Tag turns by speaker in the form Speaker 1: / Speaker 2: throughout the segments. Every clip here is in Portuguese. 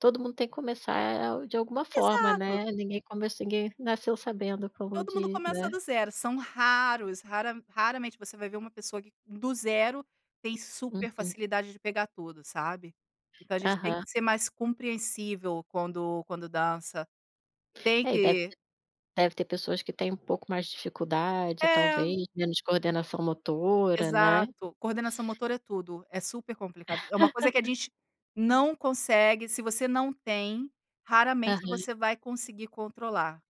Speaker 1: Todo mundo tem que começar, eh, de alguma forma,
Speaker 2: Exato.
Speaker 1: né, ninguém começ ninguém nasceu sabendo, como
Speaker 2: Todo mundo
Speaker 1: diz,
Speaker 2: começa
Speaker 1: né.
Speaker 2: do zero, são raros, rara raramente você vai ver uma pessoa, que do zero tem super
Speaker 1: Uhum.
Speaker 2: facilidade de pegar tudo, sabe. Então, a gente tem que
Speaker 1: Aham.
Speaker 2: ser mais compreensível quando quando dança. Tem
Speaker 1: É e deve
Speaker 2: que
Speaker 1: ter deve ter pessoas, que têm um pouco mais de dificuldade
Speaker 2: É.
Speaker 1: talvez, menos coordenação motora, né.
Speaker 2: Exato, coordenação motora é tudo, é super complicado, é uma coisa que a gente não consegue, se você não tem, raramente
Speaker 1: Aham.
Speaker 2: você vai conseguir controlar.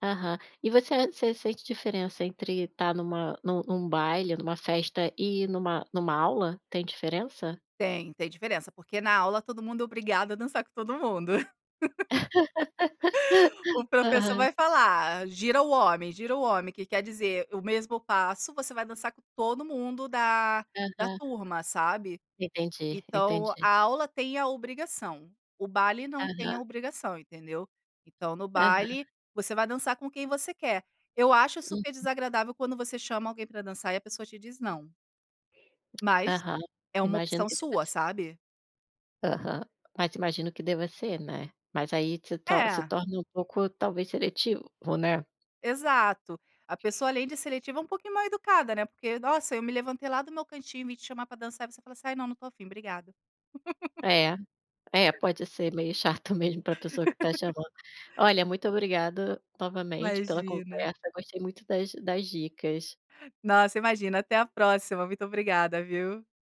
Speaker 1: Aham. E você você sente diferença, entre estar numa num num baile, ou em uma festa e numa numa aula? Tem diferença?
Speaker 2: Tem, tem diferença, porque na aula, todo mundo é obrigado a dançar com todo mundo. O professor
Speaker 1: Aham.
Speaker 2: vai falar: "Gira o homem, gira o homem", que quer dizer o mesmo passo, você vai dançar com todo mundo da da
Speaker 1: Aham.
Speaker 2: turma, sabe.
Speaker 1: Entendi,
Speaker 2: Então,
Speaker 1: entendi.
Speaker 2: a aula tem a obrigação, o baile não tem a
Speaker 1: Aham.
Speaker 2: obrigação, entendeu? Então, no baile
Speaker 1: Aham.
Speaker 2: você vai dançar com quem você quer. Eu acho super
Speaker 1: Uhum.
Speaker 2: desagradável, quando você chama alguém para dançar e a pessoa te diz não. Mas,
Speaker 1: Aham,
Speaker 2: é uma
Speaker 1: imagino
Speaker 2: opção
Speaker 1: que deva
Speaker 2: sua,
Speaker 1: ser.
Speaker 2: sabe.
Speaker 1: Aham, mas imagino que deva ser, né. Mas aí se to se
Speaker 2: É.
Speaker 1: torna um pouco, talvez, seletivo, né.
Speaker 2: Exato, a pessoa além de seletiva, é um pouquinho mal-educada, né, porque nossa, eu me levantei lá do meu cantinho, e vim te chamar para dançar, você fala assim: "Ai não não estou afim obrigada".
Speaker 1: É, é pode ser meio chato mesmo para pessoa que está chamando. Olha, muito obrigada novamente pela
Speaker 2: Imagina.
Speaker 1: conversa, gostei muito das das dicas.
Speaker 2: Nossa imagina, até a próxima, muito obrigada viu.